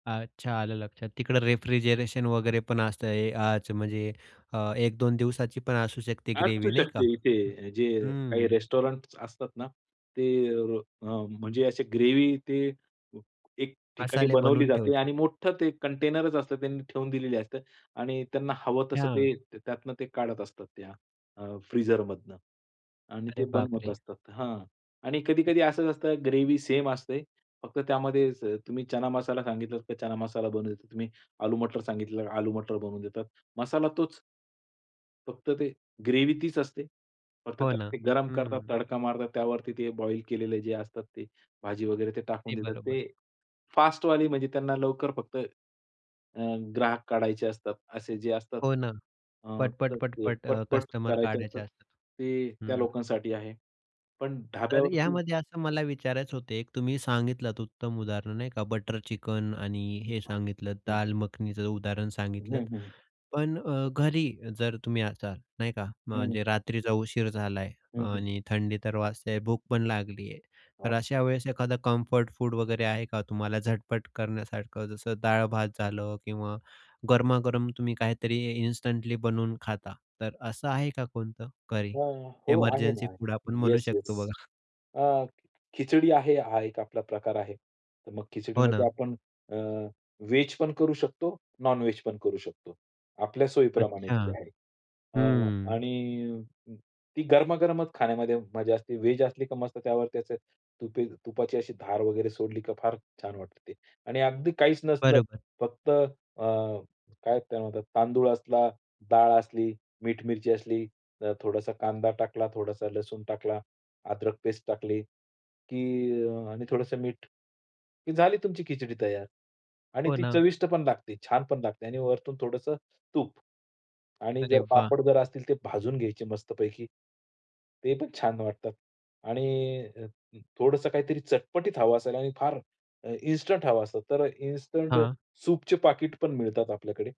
अच्छा. आलं लक्षात. तिकडं रेफ्रिजरेशन वगैरे पण असतंय आज, म्हणजे अ, 1-2 दिवसाची पण असू शकते असू ग्रेव्ही नाही का? शकते इथे जे काही हं. रेस्टॉरंट्स असतात ना, ते अ, म्हणजे असे ग्रेव्ही ते एक ठिकाणी मसाले बनवली बनवून जाते आणि ठेवतात. मोठं ते कंटेनरच असतं त्यांनी ठेवून दिलेली असते आणि त्यांना हवं तसं हां. ते त्यातनं ते काढत असतात त्या फ्रिझरमधनं, आणि ते अरे बाप बनवत रे! असतात. हां आणि कधी-कधी असंच असतं. ग्रेव्ही सेम असते, फक्त त्यामध्ये तुम्ही चना मसाला सांगितला तर चना मसाला बनवून देतात, तुम्ही आलू-मटर सांगितले आलू-मटर बनवून देतात. मसाला तोच. फक्त ते ग्रेव्ही तीच असते. फक्त हो त्याला ना. ते गरम करतात, हं. तडका मारतात, त्यावरती ते बॉइल केलेलं जे असतात, ते भाजी वगैरे ते टाकून अगदी देतात. बरोबर. ते फास्टवाली म्हणजे त्यांना लवकर फक्त, अ, ग्राहक काढायचे असतात असे जे असतात, हो ना. अ, पटपट, तर ते पटपट अ, पटपट कस्टमर करायचे काढायचे असतात, असतात. ते त्या हं. लोकांसाठी आहे. पण तर ढाब्यावरती यामध्ये असं मला विचारायचं होतं एक, तुम्ही सांगितलंत उत्तम उदाहरण नाही का? बटर चिकन आणि हे सांगितलंत हं. दाल मखनीचं उदाहरण सांगितलंत. हं, हं. पण अ, घरी जर तुम्ही असाल नाही का? हं. म्हणजे रात्रीचा उशीर झालाय, हं, हं. आणि थंडी तर वाजतेय आहे, भूक पण लागली आहे, तर हो. अशा वेळेस एखादं कम्फर्ट फूड वगैरे आहे का? तुम्हाला झटपट करण्यासारखं. जसं डाळ-भात झालं किंवा गरमागरम तुम्ही काहीतरी इन्स्टंटली बनवून खाता. तर असं आहे का कोणतं तरी हां. हो आहे एमर्जन्सी ना. फूड आपण म्हणू येस, येस. शकतो बघा? अ, खिचडी आहे हा एक आपला प्रकार आहे. तर मग हो खिचडीमध्ये ना. आपण अ, व्हेज पण करू शकतो. नॉन वेज पण करू शकतो. आपल्या सोयीप्रमाणे अच्छा. ती आहे. अ, हं. आणि ती गरमागरमच खाण्यामध्ये मजा असते. व्हेज असली तर मस्त त्यावरती अशी तुपाची अशी धार वगैरे सोडली तर फार छान वाटते ते, आणि अगदी काहीच नसलं बरोबर. फक्त अ, काय त्याला म्हणतात तांदूळ असला, डाळ असली, मीठ, मिरची असली, थोडासा कांदा टाकला, थोडासा लसूण टाकला, अदरक पेस्ट टाकली की आणि थोडंसं मीठ की झाली तुमची खिचडी तयार. आणि हो ती ना. चविष्ट पण लागते, छान पण लागते, आणि वरतून थोडंसं तूप आणि अरे जर वाह! पापड जर असतील तर ते भाजून घ्यायचे मस्तपैकी. ते पण छान वाटतात आणि अ, अ, थोडंसं काहीतरी चटपटीत हवं असेल. आणि अ, फार इन्स्टंट हवं असेल तर इन्स्टंट हां. सूपचे पाकीट पण मिळतात आपल्याकडे.